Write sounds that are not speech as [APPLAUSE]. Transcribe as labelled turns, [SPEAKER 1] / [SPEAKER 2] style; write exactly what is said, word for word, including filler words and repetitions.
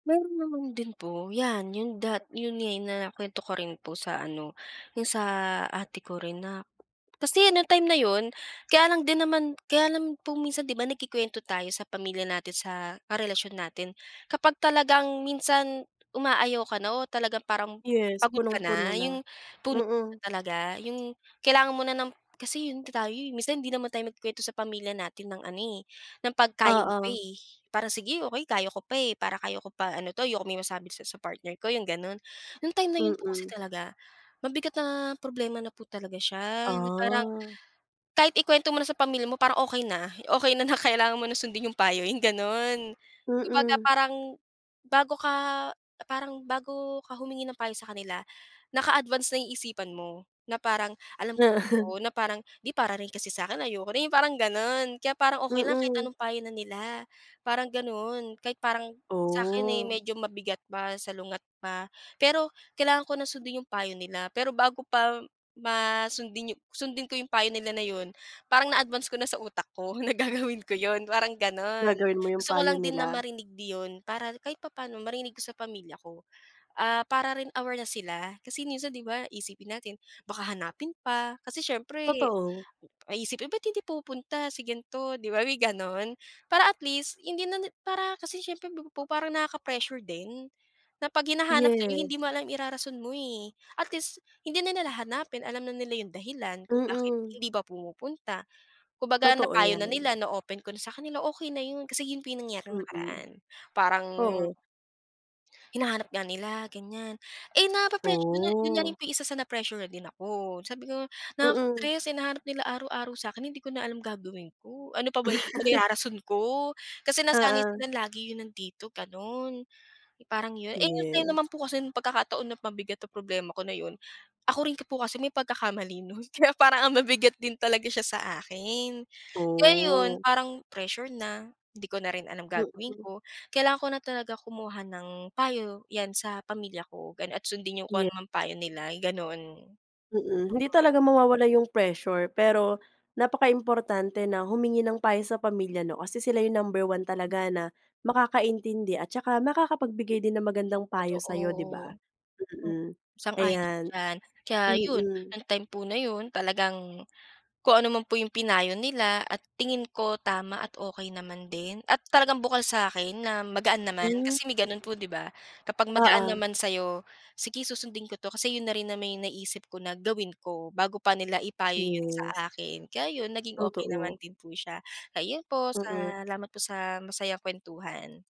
[SPEAKER 1] Meron naman din po. 'Yan, yung dat yun nga, na nakuwento ko rin po sa ano, yung sa ate ko rin na kasi yung time na yun, kaya lang din naman kaya lang po minsan, di ba nagkukwento tayo sa pamilya natin, sa karelasyon natin, kapag talagang minsan, umaayaw ka na o talagang parang
[SPEAKER 2] Yes,
[SPEAKER 1] pagod ka
[SPEAKER 2] punong-puno
[SPEAKER 1] na,
[SPEAKER 2] na.
[SPEAKER 1] yung puno na
[SPEAKER 2] Mm.
[SPEAKER 1] talaga, yung kailangan mo na ng kasi yun ta tayo, eh. Minsan hindi naman tayo nagkukuwento sa pamilya natin ng ano, eh, ng 'pag kaya mo pa,
[SPEAKER 2] Oo.
[SPEAKER 1] eh. Parang, "Sige okey, kaya ko pa, eh, para kaya ko pa ano 'to, ayokong may masabi sa sa partner ko," yung ganun. Yung time na yun po kasi
[SPEAKER 2] Mm.
[SPEAKER 1] talaga, mabigat na problema na po talaga siya. Yung parang,
[SPEAKER 2] Ah.
[SPEAKER 1] kahit ikuwento mo na sa pamilya mo, parang okey na, okey na, na kailangan mo ng sundin yung payo, yung gano'n. Kumbaga
[SPEAKER 2] Mm.
[SPEAKER 1] parang bago ka parang bago ka humingi ng payo sa kanila, naka-advance na yung isipan mo, na parang alam
[SPEAKER 2] [CHUCKLES]
[SPEAKER 1] ko, na parang, "'Di, para rin kasi sa akin, ayoko na," yung parang gano'n, kaya parang okey lang kahit
[SPEAKER 2] Mm.
[SPEAKER 1] anong payo na nila, parang ganun. Kahit parang, sa'kin, eh,
[SPEAKER 2] Oh.
[SPEAKER 1] medyo mabigat pa, salungat pa, pero kailangan ko na sundin yung payo nila. Pero bago pa ma sundin sundin ko yung payo nila na yun, parang na-advance ko na sa utak ko na gagawin ko yun, parang gano'n.
[SPEAKER 2] Gagawin mo yung
[SPEAKER 1] Gusto ko
[SPEAKER 2] payo
[SPEAKER 1] lang din na
[SPEAKER 2] nila.
[SPEAKER 1] marinig di 'yon, para kahit papa'no, marinig ko sa pamilya ko. Ah, para rin aware na sila, kasi minsan di ba, iisipin natin baka hanapin pa, kasi siyempre
[SPEAKER 2] Totoo.
[SPEAKER 1] ay iisipin, "Ba't hindi pumupunta si ganito?" di ba, may gano'n? Para at least hindi na ni para kasi siyempre pa pupu parang nakaka-pressure din, na 'pag hinahanap ka, eh,
[SPEAKER 2] Yes.
[SPEAKER 1] hindi mo alam irarason mo, eh. At least hindi na nila hahanapin, alam na nila yung dahilan kung bakit
[SPEAKER 2] Mm.
[SPEAKER 1] hindi ba pumupunta. Kung baga
[SPEAKER 2] Totoo
[SPEAKER 1] napayo na
[SPEAKER 2] 'yan.
[SPEAKER 1] nila, na-open ko na sa kanila, okey na yun. Kasi yun po nangyari nung
[SPEAKER 2] Mm.
[SPEAKER 1] nakaraan, parang
[SPEAKER 2] Oo.
[SPEAKER 1] hinahanap nga nila, ganiyan. Eh, nape-pressure yun na yun na rin
[SPEAKER 2] Oh.
[SPEAKER 1] po yung isa sa na-pressure na din ako, sabi ko,
[SPEAKER 2] Mm.
[SPEAKER 1] "Nakaka-stress, hinahanap nila araw-araw sa akin. Hindi ko na alam gagawin ko, ano pa ba i
[SPEAKER 2] [CHUCKLES]
[SPEAKER 1] irarason ko?" Kasi nasanay
[SPEAKER 2] Oo.
[SPEAKER 1] sila, lagi yun nandito, gano'n. Parang yun, eh, yung time
[SPEAKER 2] Yes.
[SPEAKER 1] naman po kasi yung pagkakataon na mabigat ang problema ko na yun, ako rin po kasi may pagkakamali nun kaya parang ang bi bigat din talaga siya sa akin. Kaya yun,
[SPEAKER 2] Oh.
[SPEAKER 1] parang pressure na, 'di ko na rin alam gagawin
[SPEAKER 2] Mm.
[SPEAKER 1] ko, kailangan ko na talaga kumuha ng payo, 'yan sa pamilya ko gano'n at sundin yung kung
[SPEAKER 2] Ye
[SPEAKER 1] anumang payo nila, yung gano'n. Mm.
[SPEAKER 2] Mm, hindi talaga mawawala yung pressure. Pero napakaimportante na humingi ng payo sa pamilya, 'no, kasi sila yung number one talaga na makakaintindi at tsaka makakapagbigay din ng magandang payo
[SPEAKER 1] Totoo.
[SPEAKER 2] sa'yo, 'di ba?
[SPEAKER 1] Mm,
[SPEAKER 2] Mm.
[SPEAKER 1] sang-ayon ako
[SPEAKER 2] Ayan.
[SPEAKER 1] diyan. Kaya yun,
[SPEAKER 2] Mm.
[SPEAKER 1] nung time po na yun, talagang kung ano man po yung pinayo nila at tingin ko tama at okey naman din at talagang bukal sa akin na magaan
[SPEAKER 2] Hmm,
[SPEAKER 1] naman.
[SPEAKER 2] mm.
[SPEAKER 1] Kasi may ganun po, di ba? Kapag magaan
[SPEAKER 2] Oo.
[SPEAKER 1] naman sa'yo, "Sige, susundin ko 'to," kasi yun na rin naman yung naisip ko na gawin ko, bago pa nila ipayo yun
[SPEAKER 2] Yes.
[SPEAKER 1] sa akin. Kaya yun, naging okey naman
[SPEAKER 2] Totoo.
[SPEAKER 1] din po siya. Kaya yun po,
[SPEAKER 2] Mm.
[SPEAKER 1] salamat po sa masayang kuwentuhan.